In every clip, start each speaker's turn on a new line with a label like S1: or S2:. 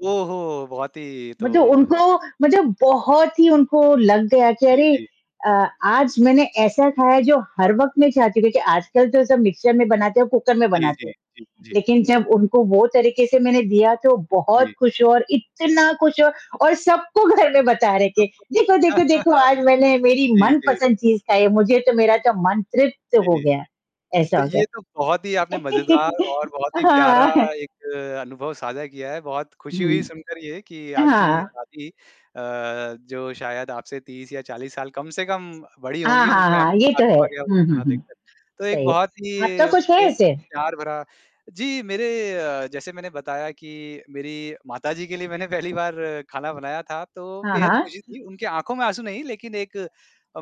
S1: ओहो! बहुत ही ये तो
S2: मतलब उनको मतलब बहुत ही उनको लग गया कि
S1: जी,
S2: अरे!
S1: जी।
S2: अ, आज मैंने ऐसा खाया जो हर वक़्त
S1: हाँ।
S2: में चाहती थी, आजकल तो सब मिक्सर में बनाते हैं और कुकर में
S1: जी,
S2: बनाते हैं,
S1: जी, जी,
S2: लेकिन
S1: जी।
S2: जब उनको वो तरीके से मैंने दिया तो बहुत
S1: जी।
S2: खुश और इतना खुश और सबको घर में बता रहे कि,
S1: [unintelligible]
S2: "देखो, देखो, देखो आज मैंने मेरी
S1: जी, जी।
S2: मनपसंद चीज़ खाई है, मुझे तो मेरा तो मन तृप्त हो
S1: जी,
S2: गया,
S1: तो
S2: ऐसा हो गया
S1: ये तो बहुत ही
S2: है।"
S1: आपने मज़ेदार और बहुत ही प्यारा
S2: हाँ।
S1: एक अनुभव साझा किया है, बहुत खुशी हुई
S2: हुँ।
S1: सुनकर ये कि आपकी
S2: हाँ।
S1: शादी अ, जो शायद आपसे 30 या 40 साल कम से कम बड़ी
S2: हाँ,
S1: होंगी,
S2: हाँ,
S1: उनकी
S2: हाँ।
S1: आँखों में
S2: ये तो है।
S1: आँसू आ गया वो
S2: हुँ, हुँ,
S1: खाना देख
S2: हुँ।
S1: कर, तो एक
S2: सही है।
S1: बहुत ही
S2: आपका कुछ है
S1: एक
S2: ऐसे?
S1: प्यार भरा जी, मेरे अ, जैसे मैंने बताया कि मेरी माताजी के लिए मैंने पहली बार खाना बनाया था तो
S2: हाँ,
S1: बेहद खुशी
S2: हाँ।
S1: थी, उनके आँखों में आँसू नहीं लेकिन एक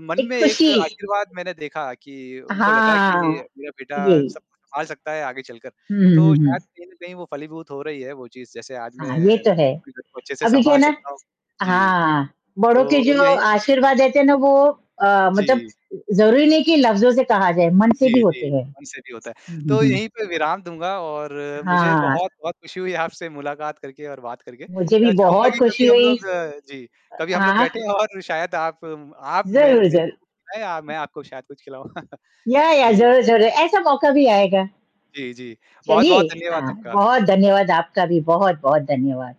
S1: मन में
S2: एक
S1: एक
S2: ख़ुशी
S1: आशीर्वाद मैंने देखा कि उनको लगा कि
S2: हाँ।
S1: मेरा बेटा सब
S2: यही।
S1: कुछ सँभाल सकता है आगे चलकर,
S2: हुँ, हुँ,
S1: तो
S2: हुँ, हुँ।
S1: शायद कहीं न कहीं वो फलीभूत हो रही है, वो चीज़ जैसे आज
S2: हाँ,
S1: मैं
S2: ये तो है।
S1: अपने घर को अच्छे से
S2: अभी क्या है
S1: सँभाल
S2: ना
S1: सकता हूँ। जी।
S2: हाँ, बड़ों के
S1: तो
S2: जो
S1: यही
S2: आशीर्वाद देते हैं ना वो अ, मतलब
S1: जी।
S2: ज़रूरी नहीं कि लफ़्ज़ों से कहा जाए, मन से भी
S1: जी,
S2: होते
S1: जी।
S2: हैं।
S1: हमसे भी होता है,
S2: हुँ, हुँ,
S1: तो
S2: हुँ।
S1: यहीं पे विराम दूँगा और मुझे
S2: हाँ।
S1: बहुत-बहुत खुशी हुई आपसे मुलाकात करके और बात करके
S2: मुझे भी
S1: अ, चाहूँगा
S2: बहुत
S1: कि कभी
S2: खुशी
S1: हम
S2: हुई
S1: लोग
S2: अ,
S1: जी, कभी हम
S2: हाँ,
S1: लोग
S2: हाँ।
S1: बैठें और शायद आप आप मेरे
S2: ज़रूर,
S1: मेरे को
S2: ज़रूर।
S1: कुछ खिलाएँ या मैं आपको शायद कुछ खिलाऊँ।
S2: या या।
S1: जी।
S2: ज़रूर, ज़रूर। ऐसा मौका भी आएगा।
S1: जी, जी।
S2: चलिए
S1: बहुत-बहुत धन्यवाद
S2: हाँ,
S1: आपका।
S2: बहुत धन्यवाद आपका भी, बहुत-बहुत धन्यवाद।